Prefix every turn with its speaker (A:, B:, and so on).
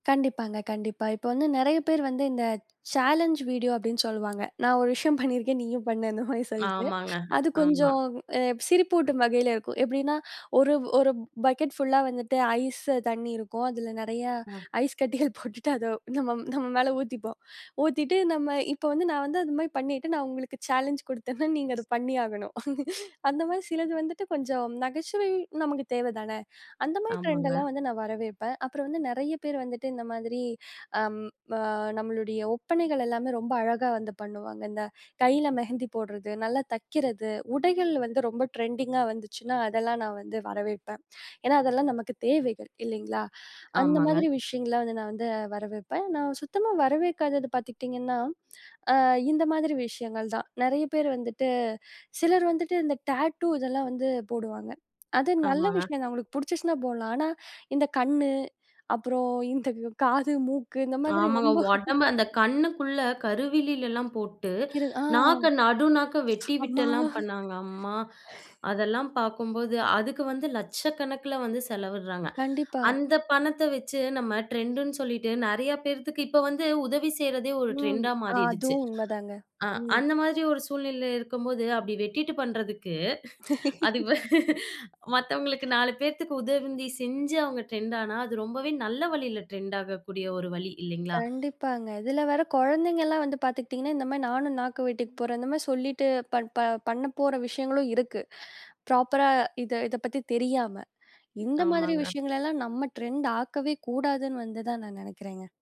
A: கண்டிப்பாங்க, கண்டிப்பா. இப்ப வந்து நெறைய பேர் வந்து இந்த சேலஞ் வீடியோ அப்படின்னு சொல்லுவாங்க. நான் ஒரு விஷயம் பண்ணியிருக்கேன். நீயும் பண்ணு அந்த மாரி சொல்லிட்டு
B: ஆமாங்க.
A: அது
B: ஆமா.
A: கொஞ்சம் எ சிரிப்பூட்டும் வகையில இருக்கும். எப்படின்னா 1 1 பக்கெட் ஃபுல்லா வந்துட்டு ஐஸ் தண்ணி இருக்கும். அதில நிறையா
B: ஆ.
A: ஐஸ் கட்டிகள் போட்டுட்டு அதை நம்ம நம்ம மேல ஊத்திப்போம். ஊத்திட்டு நம்ம இப்ப வந்து நான் வந்து அது மாரி பண்ணிட்டு நான் உங்களுக்கு சேலஞ்ச் குடுத்தேனா, நீங்க அத பண்ணியாகணும். அந்த மாதிரி சிலது வந்துட்டு கொஞ்சம் நகைச்சுவை நமக்கு தேவதான. அந்த மாதிரி
B: ஆமாங்க.
A: ட்ரெண்டெல்லாம் வந்து நான் வரவேற்பேன். அப்புறம் வந்து நெறைய பேர் வந்துட்டு இந்த மாதிரி அம் ம நம்மளுடைய ஒப்பனைகள் எல்லாமே ரொம்ப அழகா வந்து பண்ணுவாங்க. அந்த கைல மெஹந்தி போடுறது, நல்லா தக்கிறது, உடைகள் வந்து ரொம்ப ட்ரெண்டிங்கா வந்துச்சுனா, அதெல்லாம் நான் வந்து வரவேற்பேன். ஏன்னா அதெல்லாம் நமக்கு தேவை. இல்லைங்களா? அந்த
B: ஆமாங்க.
A: மாதிரி விஷயங்கள்லாம் வந்து நான் வந்து வரவேற்பேன். நான் சுத்தமா வரவேற்காதது பாத்துக்கிட்டீங்கன்னா, ஆ இந்த மாதிரி விஷயங்கள் தான். நெறைய பேர் வந்துட்டு சிலர் வந்துட்டு இந்த டேட்டூ இதெல்லாம் வந்து போடுவாங்க. அது நல்ல
B: ஆமாங்க.
A: விஷயம் தான். அவங்களுக்கு புடிச்சுச்சினா போடலாம். ஆனா, இந்த கண்ணு அப்புறம் இந்த காது, மூக்கு இந்த மாதிரி
B: ஆமாங்க.
A: ரொம்ப
B: ஒடம்ப அந்த கண்ணுக்குள்ள கருவிலிலலா போட்டு,
A: [unintelligible] ஆ.
B: நாக்க நடு நாக்க வெட்டி
A: அம்மா!
B: விட்டெல்லாம் பண்ணாங்க. அம்மா! அதெல்லாம் பாக்கும்போது அதுக்கு வந்து 1,00,000கணக்கில வந்து செலவிடுறாங்க.
A: கண்டிப்பா.
B: அந்த பணத்த வச்சு நம்ம ட்ரெண்டுன்னு சொல்லிட்டு நெறையா பேர்த்துக்கு இப்ப வந்து உதவி செய்றதே ஒரு
A: ம்.
B: ட்ரெண்டா
A: அ
B: மாறிடுச்சு.
A: அதுவும் உண்மதாங்க.
B: அ
A: ம்.
B: அந்த மாதிரி ஒரு சூழ்நிலையில இருக்கும்போது அப்படி வெட்டிட்டு பண்ணுறதுக்கு. அதுக்கு பதி மத்தவங்களுக்கு 4 பேத்துக்கு உதவி நீ செஞ்சு அவங்க ட்ரெண்டானா, அது ரொம்பவே நல்ல வழியில ட்ரெண்ட் ஆகக்கூடிய ஒரு வழி. இல்லைங்களா?
A: கண்டிப்பாங்க. இதுல வேற கொழந்தைங்கலாம் வந்து பாத்துக்கிட்டீங்கன்னா, இந்த மாரி நானும் நாக்கு வெட்டிக்க போறேன். இந்த மாரி சொல்லிட்டு பட் ப பண்ண போற விஷயங்களும் இருக்கு. ப்ராப்பரா இத இத பத்தி தெரியாம, இந்த மாதிரி
B: ஆமாங்க.
A: விஷயங்களெல்லாம் நம்ம ட்ரெண்ட்டாக்கவே கூடாதுன்னு வந்துதான் நான் நெனைக்கிறேங்க.